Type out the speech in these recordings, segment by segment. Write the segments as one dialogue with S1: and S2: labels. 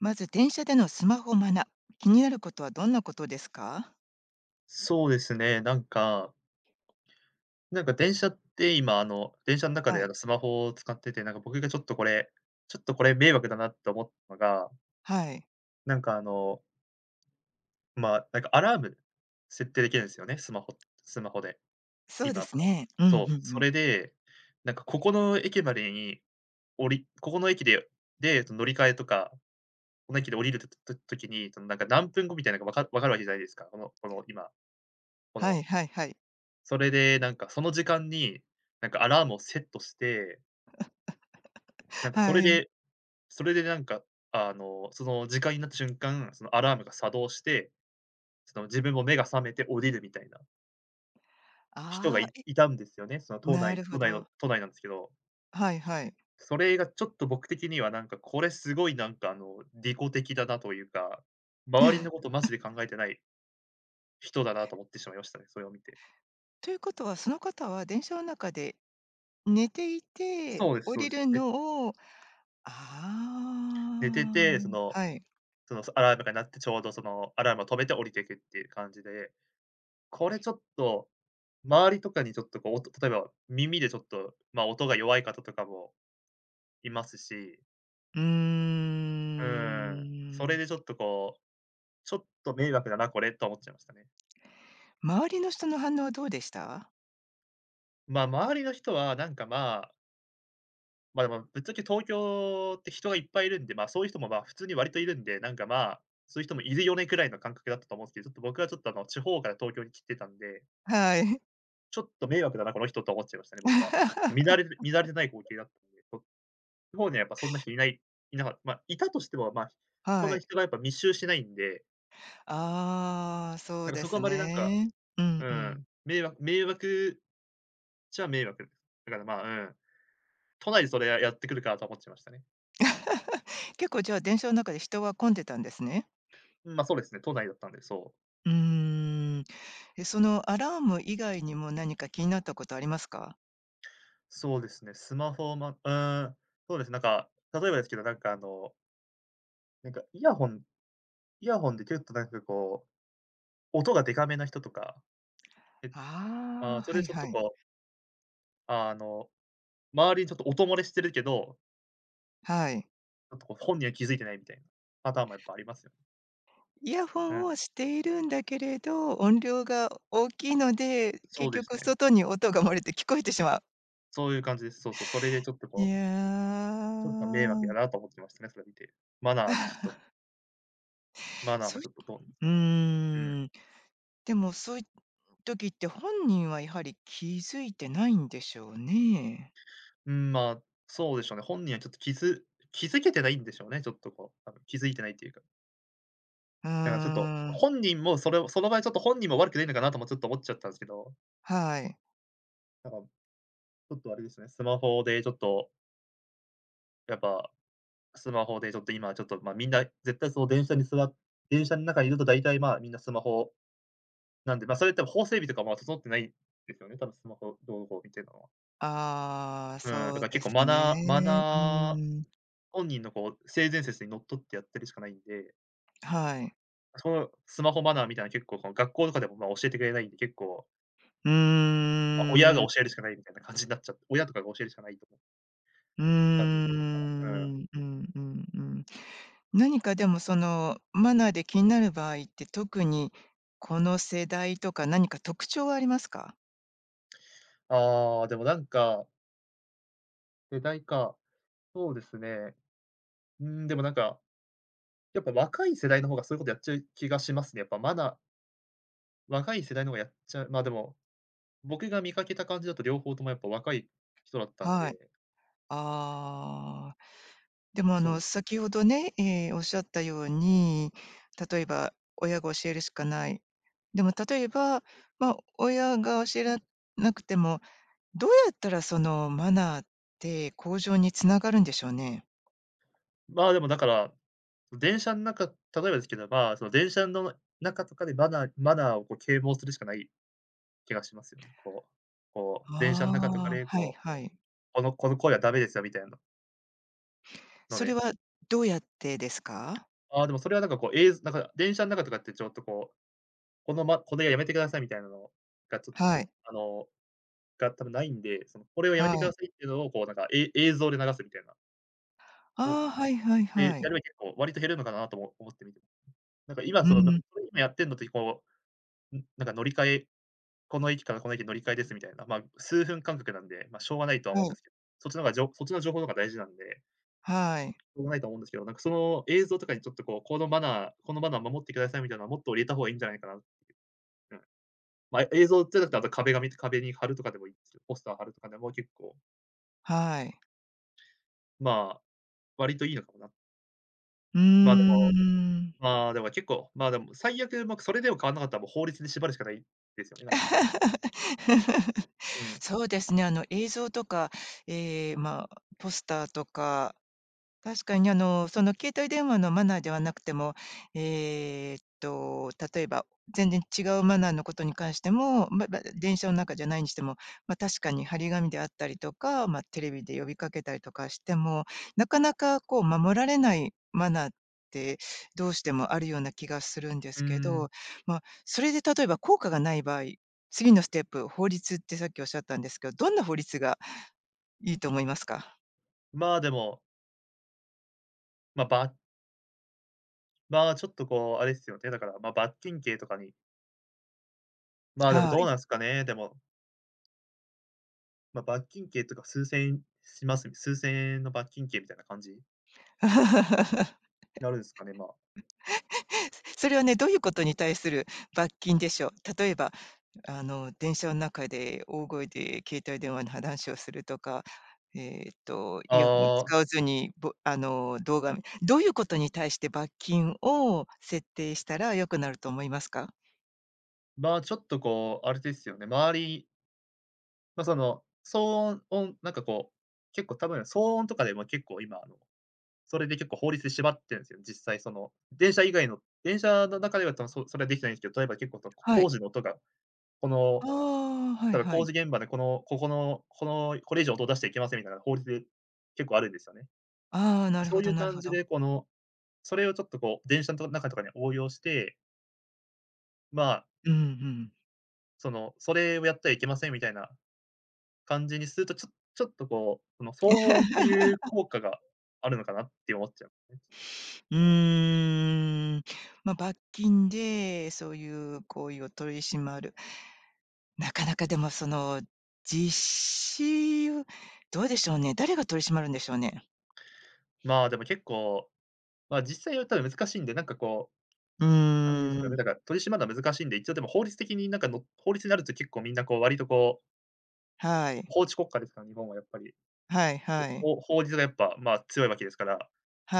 S1: まず電車でのスマホマナー、気になることはどんなことですか？
S2: そうですね、なんか。なんか、電車って今、あの、電車の中
S1: は
S2: で、あの、
S1: い。
S2: スマホを使ってて、なんか、僕が、ちょっとこれ、ちょっと、これ迷惑だなって思ったのが
S1: はい。
S2: なんかあのま、なんかアラーム設定できるんですよね、スマホスマホで、
S1: そう
S2: 今
S1: で
S2: の
S1: すね。うんう
S2: そう、
S1: んう
S2: そ
S1: ん。
S2: れで、なんか、ここの駅までに降りここの駅で、で、乗り換えとか、この駅で降りると時に、そのなんか何分後みたいなかわか分かるわけじゃないですか、このこの今、こ
S1: は
S2: の
S1: いはいはい。
S2: それで、なんか、その時間に、なんか、アラームをセットして なんかそ
S1: は
S2: れ
S1: い。
S2: で、それでなんか、あの、その時間になった瞬間、そのアラームが作動して、ちょっと自分も目が覚めて降りるみたいな。人が
S1: ああ、
S2: い
S1: え、
S2: いたんですよね、その都
S1: な
S2: 内
S1: るほ
S2: 都内の
S1: ど。
S2: 都内なんですけど。
S1: はいはい。
S2: それがちょっと僕的には、なんかこれ、すごい、なんかあの、利己的だなというか、周りのことマジで考 えてない人だなと思ってしまいましたね、それを見て。
S1: ということはその方は電車の中で、寝ていて、
S2: そうです、
S1: 降
S2: そう
S1: り
S2: です、
S1: る
S2: はい。
S1: のを
S2: 寝て
S1: あ
S2: て、
S1: あ。
S2: その
S1: はい。
S2: そのアラームが鳴ってちょうどそのアラームを止めて降りていくっていう感じで、これちょっと、周りとかにちょっとこう音と、例えば、耳でちょっと、ま、音が弱い方とかもいますし
S1: うー
S2: うん、それ
S1: ん
S2: でちょっとこう「ちょっと迷惑だなこれ」とは思っちゃいましたね。
S1: 周りの人の反応はどうでした？
S2: ま-周りの人はなんかまあま、でもぶっちゃけ東京って人がいっぱいいるんで、ま、そういう人もま、普通に割といるんで、なんかまあ、「そういう人もいるよね」くらいの感覚だったと思うんすけど、ちょっと僕はちょっとあの地方から東京に来てたんで
S1: はい
S2: 「ちょっと迷惑だなこの人」と思っちゃいましたね僕は。見慣れる見慣れない光 景だったのでこ地方にはやっぱそんな人いない、いなかま、いたとしても、ま、そん
S1: は
S2: なに
S1: い。
S2: 人がやっぱ密集してないんで
S1: ああ、そ
S2: な
S1: う
S2: んか
S1: で
S2: そこあ
S1: す
S2: んまりなんか、
S1: ね。う
S2: う
S1: んう
S2: ん、
S1: ん。
S2: めいわ迷惑ちゃ迷惑。だからまあ、うん、「都内でそれ、ややってくるか」と思っちゃいましたね。
S1: 結構じゃあ、電車の中で人は混んでたんですね？
S2: うん、ま、そうですね、都内だったんで、そう。
S1: うーん。え、そのアラーム以外にも何か気になったことありますか？
S2: そうですね、スマホをまうーん、そうです、なんか、例えばですけど、なんかあのなんか、イヤホンイヤホンで結構なんかこう、音がでかめな人とか。で、
S1: ああ、
S2: ま、それ
S1: は
S2: で
S1: い
S2: ちょっ
S1: は
S2: と
S1: い。
S2: こうあの、周りにちょっと音漏れしてるけど
S1: はい。
S2: ちょっとこう、本人は気づいてないみたいな、パターンもやっぱありますよ。
S1: イヤフォ
S2: うん。
S1: ンをしているんだけれど、音量が大きいので、
S2: そう
S1: 結
S2: です
S1: 局
S2: ね。
S1: 外に音が漏れて聞こえてしまう。
S2: そういう感じです。そうそう、それでちょっと
S1: い
S2: こうちょっと迷惑
S1: や。
S2: やなと思ってましたね、それを見て。マナーちょっと マナー
S1: そ
S2: も
S1: い
S2: ちょっと、どおな
S1: う
S2: うん。
S1: ん、でもそいっ、時って本人はやはり気づいてないんでしょうね。
S2: ん、ま、そうでしょうね、本人はちょっと気づ気づけてないんでしょうね、ちょっとこう、多分気づいてないっていうか。
S1: うー
S2: だからちょっと、
S1: ん。
S2: 本人もそれをその場合ちょっと本人も悪くないのかなともちょっと思っちゃったんですけど。
S1: はい。
S2: なんか、ちょっとあれですね、スマホでちょっとやっぱ、スマホでちょっと今ちょっと、ま、みんな、絶対その電車に座電車ん中にいると大体、ま、みんなスマホ、なんで、ま、それってもう法整備とかも整ってないですよね、多分スマホ、は。
S1: ああ、
S2: うん、だか
S1: そう
S2: ら結
S1: です
S2: 構マナーマ
S1: ね。う
S2: ナー、
S1: ん。
S2: 本人のこう、性善説にのっとってやってるしかないんで
S1: はい。
S2: その、スマホマナーみたいの結構、こう、学校とかでも、ま、教えてくれないんで、結構
S1: う
S2: ま、親
S1: ー
S2: が
S1: ん。
S2: 教えるしかないみたいな感じになっちゃって、親とかが教えるしかないと思、
S1: うー
S2: 感じです うん。
S1: ん。うんうんうん。何かでもそのマナーで気になる場合って特にこの世代とか何か特徴はありますか？
S2: ああ、でもなんか世代か、そうですね。ん、でもなんか、やっぱ若い世代の方がそういうことやっちゃう気がしますね、やっぱまな若い世代の方がやっちゃう、ま、でも、僕が見かけた感じだと両方ともやっぱ若い人だったん
S1: はい。
S2: で。
S1: ああ。でもあ
S2: そう
S1: の、
S2: です。
S1: 先ほどね、ええ、おっしゃったように、例えば親が教えるしかない。でも例えば、ま、親が教えられなくても、どうやったらその、マナーって向上に繋がるんでしょうね？
S2: ま、でもだから、その、電車の中例えばですければ、その電車の中とかでマナーマナーをこう啓蒙するしかない気がしますよね。こう、こう、電車の中とか
S1: ああ、
S2: で、
S1: はい
S2: こう、
S1: はい。
S2: このこの声はダメですよみたいの。の
S1: それ
S2: で。
S1: はどうやってですか？
S2: ああ、でもそれは、なんかこう、えいぞなんか電車の中とかって、ちょっとこう、このまこれはやめてくださいみたいなのがちょっと
S1: はい。
S2: あの、が多分ないんで、その、これをやめ
S1: は
S2: てくだ
S1: い。
S2: さいっていうのを、こう、なんかえい映像で流すみたいな。を、
S1: ああ、はいはい
S2: で、や
S1: は
S2: れ
S1: い。
S2: ば結構、割と減るのかなともおも思ってみて。なんか今、
S1: う
S2: その、な
S1: ん。
S2: やってんのってこう、ん、なんか乗り換えこの駅からこの駅乗り換えですみたいな、まあ、数分間隔なんで、まあ、しょうがないとは思う
S1: は
S2: んで
S1: い。
S2: すけど、そっちの方がじょそっちの情報の方が大事なんで。
S1: はい。
S2: しょうがないと思うんですけど、なんか、その映像とかにちょっとこう、このマナーこのマナーを守ってくださいみたいな、もっと入れた方がいいんじゃないかなって、うん。まあ、映像っていうんだったら、あと壁紙壁に貼るとかでもいいです。ポスター貼るとかでも結構
S1: はい。
S2: まあ、割といいのかもな。
S1: うー
S2: まあでも
S1: ん。
S2: まあでも結構まあでも最悪、ま、くそれでも変わんなかったら、もう法律で縛るしかないですよね、だから。うん。
S1: そうですね、あの映像とか、ええ、まあ、ポスターとか、確かにあの、その携帯電話のマナーではなくても、えっと、例えば、全然違うマナーのことに関しても、まま、電車の中じゃないにしても、まあ確かに張り紙であったりとか、まあ、テレビで呼びかけたりとかしても、なかなかこう、守られないマナーってどうしてもあるような気がするんで
S2: うー
S1: すけ
S2: ん。
S1: ど。まあそれで、例えば効果がない場合、次のステップ、法律ってさっき仰ったんですけど、どんな法律がいいと思いますか？
S2: まあでも。ま、ばまあちょっとこう、あれですよね、だからまあ罰金刑とかにまあでも
S1: は
S2: どう
S1: い。
S2: なんすかね、でもま、罰金刑とか数千円します、数千円の罰金刑みたいな感じ。なるんですかね、まあ。
S1: それはね、どういうことに対する罰金でしょう。例えば、あの電車の中で大声で携帯電話の話をするとか、えっとイヤホンを
S2: ああ。
S1: 使わずに、ぼあの動画どういうことに対して罰金を設定したら良くなると思いますか？
S2: まあちょっとこう、あれですよね、周りまあその騒音音、なんかこう、結構多分騒音とかでも結構今あの、それで結構法律で縛ってるんですよね、実際その、電車以外の電車の中では多分それはできないんですけど、例えば結構そのこ
S1: は
S2: 工
S1: い。
S2: 事の音が、この、
S1: ああ、はい
S2: だから
S1: は
S2: 工
S1: い。
S2: 事現場でこのここのこのこれ以上音を出しちゃいけませんみたいな法律で、結構あるんですよね。
S1: ああ、なる
S2: そ
S1: ほ
S2: うい
S1: ど
S2: う
S1: なる
S2: 感
S1: ほ
S2: じ
S1: ど。
S2: で、この、それをちょっとこう、電車と中とかに応用してま。
S1: うんうん。
S2: その、それをやってはいけませんみたいな感じにすると、ちょちょっとこう、その、騒音っていう 効果があるのかなって思っちゃうんすね。
S1: うーん。ま、罰金でそういう行為を取り締まるなかなかでもその実施を、どうでしょうね、誰が取り締まるんでしょうね。
S2: ま、でも結構、ま、実際はただ難しいんで、なんかこう、
S1: う
S2: あれですよ
S1: ー
S2: ね、
S1: ん。
S2: だから、取り締まるのは難しいんで、一応でも法律的になんかの法律になると結構みんなこう、割とこう
S1: はい。
S2: 法治国家ですから、日本はやっぱり。
S1: はいはい。
S2: ほほ法律がやっぱ、ま、強いわけですから、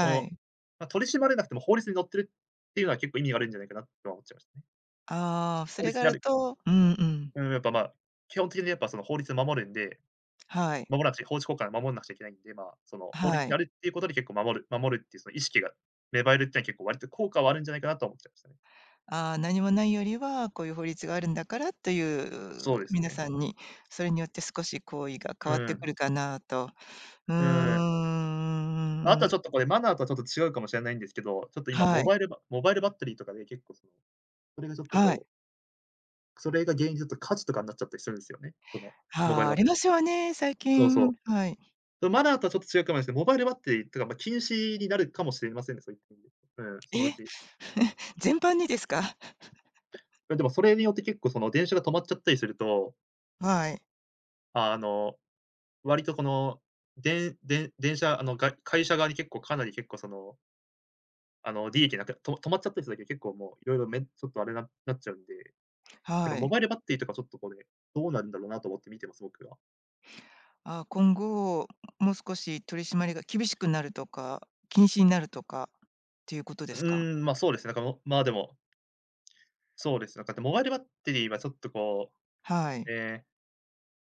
S2: この、
S1: い。
S2: ま、取り締まれなくても法律に載ってるっていうのは結構意味があるんじゃないかなとは思っちゃいましたね。
S1: ああ、そ
S2: 法
S1: れ
S2: 律
S1: があ
S2: にあ
S1: る
S2: る。
S1: とうんうん。
S2: ん、やっぱま、基本的に、やっぱその、法律を守るんで、
S1: はい。
S2: 守らなくちゃ法治国家を守んなくちゃいけないんで、ま、その法
S1: は
S2: 律にあ
S1: い。
S2: るっていうことで結構守る守るっていうその意識が芽生えるってのは結構割と効果はあるんじゃないかなとは思っちゃいましたね。
S1: ああ、何もないよりは、こういう法律があるんだからと
S2: そ
S1: い
S2: う
S1: う
S2: です
S1: 皆
S2: ね。
S1: さんに。それによって少し行為が
S2: う
S1: 変わっ
S2: ー
S1: て
S2: ん。
S1: くるかなと。うーん、
S2: う
S1: う
S2: ーん。
S1: ん
S2: ま、あ
S1: うん
S2: と
S1: う
S2: は
S1: ん。
S2: ちょっとこれマナーとはちょっと違うかもしれないんですけど、ちょっと今
S1: は
S2: モ
S1: い。
S2: バイルバモバイルバッテリーとかで結構その、それがちょっと
S1: はい。
S2: こうそれが原因だと火事とかになっちゃったりするんですよね、その、モバイ
S1: はあ、
S2: ルバ
S1: あ
S2: ッテ
S1: りま
S2: リー
S1: すよね、最
S2: そうそう。
S1: 近。はい
S2: それマナーとはちょっと違うかもですけど、モバイルバッテリーというかまあ禁止になるかもしれませんね、そういった意味で、うん、そのう
S1: え、
S2: ち。
S1: 全般にですか？
S2: いやでもそれによって結構その、電車が止まっちゃったりすると
S1: はい。
S2: あの、割とこの、でんでん電車、あの、が、会社側に結構かなり結構そのあの、利益なくと止まっちゃったりするだけで結構もう色々めんちょっとあれななっちゃうんで、なんか、
S1: は
S2: モ
S1: い。
S2: バイルバッテリーとかちょっとこれ、どうなんだろなと思って見てます、僕は。
S1: あ、今後もう少し取り締まりが厳しくなるとか、禁止になるとかっていうこと
S2: う
S1: ですか？
S2: ーん、ま、そうです、なんかもまあでもそうです。なんかあと、モバイルバッテリーはちょっとこ
S1: は
S2: う、
S1: い。
S2: ええ、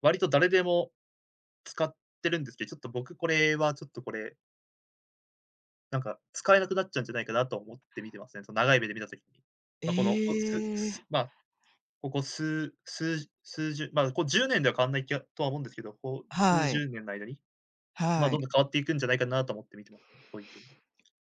S2: 割と誰でも使ってるんですけど、ちょっと僕これはちょっとこれなんか、使えなくなっちゃうんじゃないかなとは思って見てますね、その長い目で見た時に。ま、この、おす
S1: え
S2: す
S1: え。
S2: ま、ここ数数数十ま、こ10年では変わんない気は、とは思うんですけど、こう、数
S1: はい。
S2: 十年の間にまあ
S1: は
S2: どん
S1: い。
S2: どん変わっていくんじゃないかなと思って見てます、そういった意味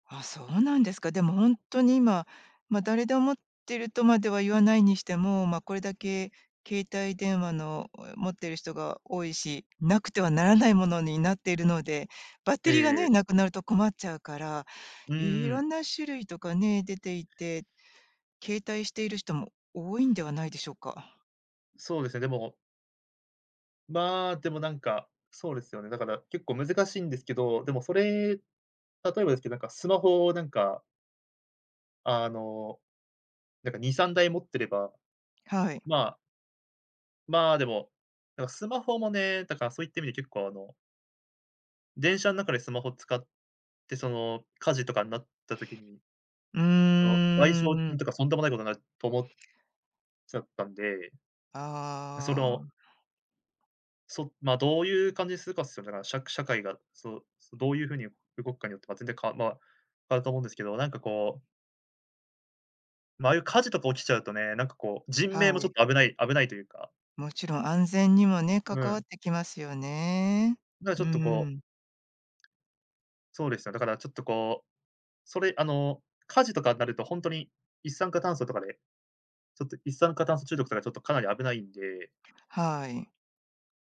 S1: あ、そうなんですか。でもほんとに今、まあ誰でも持ってるとまでは言わないにしても、まあこれだけ携帯電話の持ってる人が多いし、なくてはならないものになっているので、バッ
S2: え
S1: テリーが
S2: えええ。
S1: ね、なくなると困っちゃうから、
S2: う
S1: いろ
S2: ん。
S1: んな種類とかね、出ていて、携帯している人も多いんではないでしょうか。
S2: そうです、でもまあ、でも、なんか、そうですよね、だから結構難しいんですけど、でもそれ、例えばですけど、なんかスマホなんかあの、なんか2、3台持ってれば、
S1: はい。
S2: ままあ、でも、なんかスマホもね、だからそういった意味で結構あの電車の中でスマホを使って、その火事とかになった時に、
S1: う
S2: その賠
S1: ー
S2: 償金
S1: ん。
S2: とかとんでもないことになると思っちゃったんでそ
S1: あ
S2: の
S1: あ。
S2: そま、どういう感じにするかつたなら、しゃ社会が、そう、どういう風に動くかによっては全然か、ま、変わると思うんですけど、なんかこうまあ、あいう火事とか起きちゃうとね、なんかこう、人命
S1: は
S2: もちょ
S1: い。
S2: っと危ない危ないというか
S1: もちろん安全にもね、
S2: う
S1: 関わっ
S2: ん。
S1: てきますよね、
S2: だからち
S1: う
S2: ょっとこう
S1: ん。
S2: そうです、だからちょっとこう、それあの火事とかになると本当に、一酸化炭素とかで、ちょっと一酸化炭素中毒とかちょっとかなり危ないんで
S1: はい。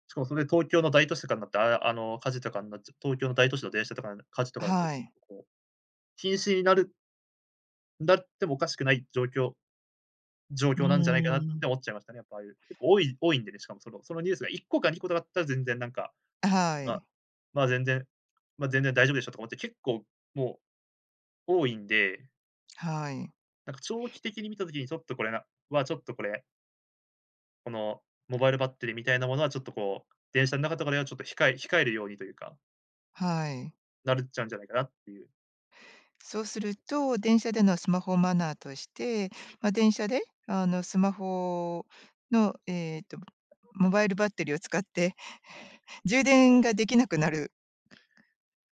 S2: しかもそれ、東京の大都市とかんなって、ああ、あの火事とかになっちゃう、東京の大都市の、電車とか火事とかなっちゃう
S1: は
S2: と
S1: い。
S2: こう、禁止になるなってもおかしくない状況状
S1: うー
S2: 況なんじゃないかなっ
S1: ん。
S2: て思っちゃいましたね。やっぱああいう、結構多い多いんでね、しかもその、そのニュースが1個か2個とかあったら全然なんか、
S1: あ、は
S2: あ、
S1: い。
S2: まあ全然、まあ全然大丈夫でしょ、とか思って、結構もう、多いんで
S1: はい。
S2: なんか、長期的に見た時にちょっとこれな、はちょっとこれこのモバイルバッテリーみたいなものは、ちょっとこう、電車ん中とかでは、ちょっと控え控えるようにというか
S1: はい。
S2: なるっちゃうんじゃないかなっていう。
S1: そうすると電車でのスマホマナーとして、ま、電車で、あのスマホの、えっと、モバイルバッテリーを使って、充電ができなくなる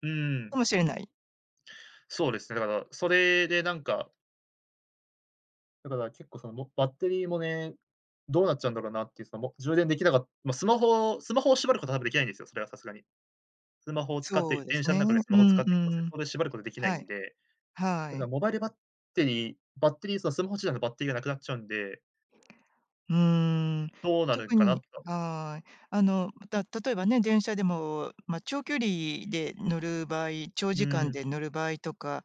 S2: うん。
S1: かもしれない。
S2: そうですね。だから、それでなんかだから、結構そのもバッテリーもね、どうなっちゃうんだろうなっていう、そのも充電できなかま、スマホスマホを縛ることは多分できないんですよ、それはさすがに。スマホを使っ
S1: そ
S2: て、
S1: うです
S2: 電車ん
S1: ね。
S2: 中でス
S1: う
S2: マホを使
S1: ん
S2: っ
S1: う
S2: てはいけません。そ
S1: ん。
S2: こで縛ることできない
S1: はい。
S2: んで、
S1: は
S2: だから
S1: い。
S2: モバイルバッテリーバッテリー、そのスマホ自体のバッテリーがなくなっちゃうんで
S1: うん、
S2: どうなるん
S1: 特
S2: かな
S1: に
S2: と。
S1: はい。あの、ま、た例えばね、電車でもまあ、長距離で乗る場合、長
S2: う
S1: 時間
S2: ん。
S1: で乗る場合とか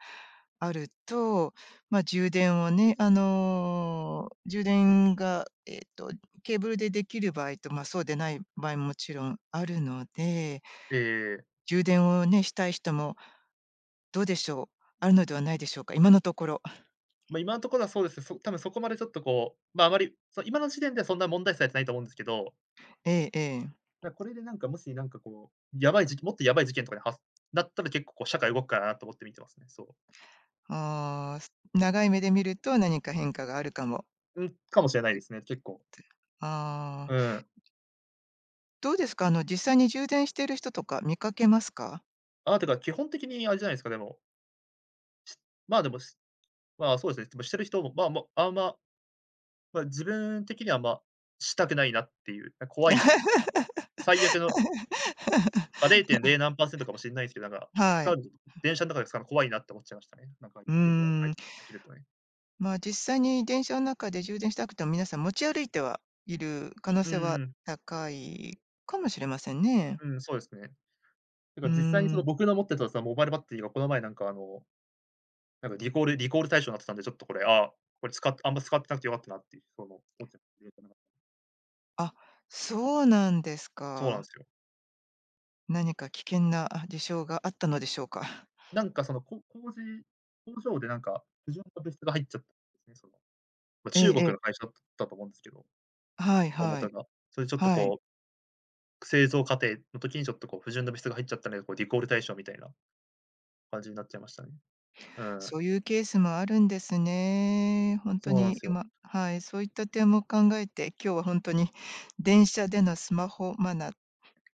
S1: あると、まあ充電をね、あの、充電がえっと、ケーブルでできる場合とまあ、そうでない場合も、勿論あるので
S2: ええ。
S1: 充電をね、したい人もどうでしょう。あるのではないでしょうか、今のところ。
S2: ま、今の所はそうですね、そ多分そこまで、ちょっとこう、ま、あまり、そ今の時点では、そんな問題視されてないと思うんですけど
S1: ええええ。
S2: だ、これで、なんか、もしなんかこう、やばい時期、もっとやばい事件とかではなったら結構、こう社会動くかなと思って見てますね。そう。
S1: ああ、す長い目で見ると、何か変化があるかも。
S2: うん、かもしれないで
S1: [unintelligible]
S2: すね、結構。
S1: あ
S2: う
S1: あ。
S2: ん。
S1: どうですか、あの実際に充電してる人とか見かけますか？
S2: あ、てか、基本的にあれじゃないですか、でもまあ、でもしまあ、そうですね、でもしてる人も、ま、もうあんまま、自分的には、ま、したくないなっていう、な怖いんですよ、最悪のま、れいてんれ い何パーセントかもしんないすけど、なんか、
S1: は
S2: 使
S1: い。
S2: う
S1: [unintelligible]
S2: 電車の中で使うの怖いなって思っちゃいましたね。なんか
S1: う
S2: 事件とか、は
S1: ー
S2: い、
S1: ん。
S2: 起きるとね。
S1: まあ、実際に電車の中で充電したくても、皆さん持ち歩いてはいる可能
S2: うん
S1: 性は
S2: うん。
S1: 高いかもしれませんね。
S2: うん、そうですね。
S1: う
S2: なんか実際に
S1: ー
S2: そ
S1: ん。
S2: の僕の持ってたそのモバイルバッテリーはこの前なんかあの、なんかリコールリコール対象になってたんで、ちょっとこれ、あ、これ、ああんま使ってなくてよかったなっていう、その、思っ [unintelligible]
S1: あ、そうなんです
S2: そうなん
S1: か。
S2: すよ。
S1: 何か危険な事象があったのでしょうか。
S2: なんか、その、こ工事工場でなんか不純な物質が入っちゃったんですよね。その、
S1: ええ
S2: 中
S1: え
S2: 国
S1: え。
S2: の会社だったと思うんですけど、
S1: はい
S2: 大
S1: はい、
S2: 元が。それちょっと
S1: はい。
S2: こう製造過程の時にちょっとこう不純な物質が入っちゃったね、こうリコール対象みたいな感じになっちゃいましたね。うん。
S1: そういうケースもあるんですね。本当
S2: そうなん
S1: に、
S2: すよ。
S1: 今はい、そういった点も考えて、今日は本当に電車でのスマホマナ、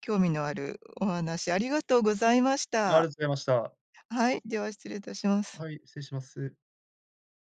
S1: 興味のあるお話ありがとうございまし
S2: ありがとう
S1: た。
S2: ございました。
S1: はい、では失礼いたします。
S2: はい、失礼します。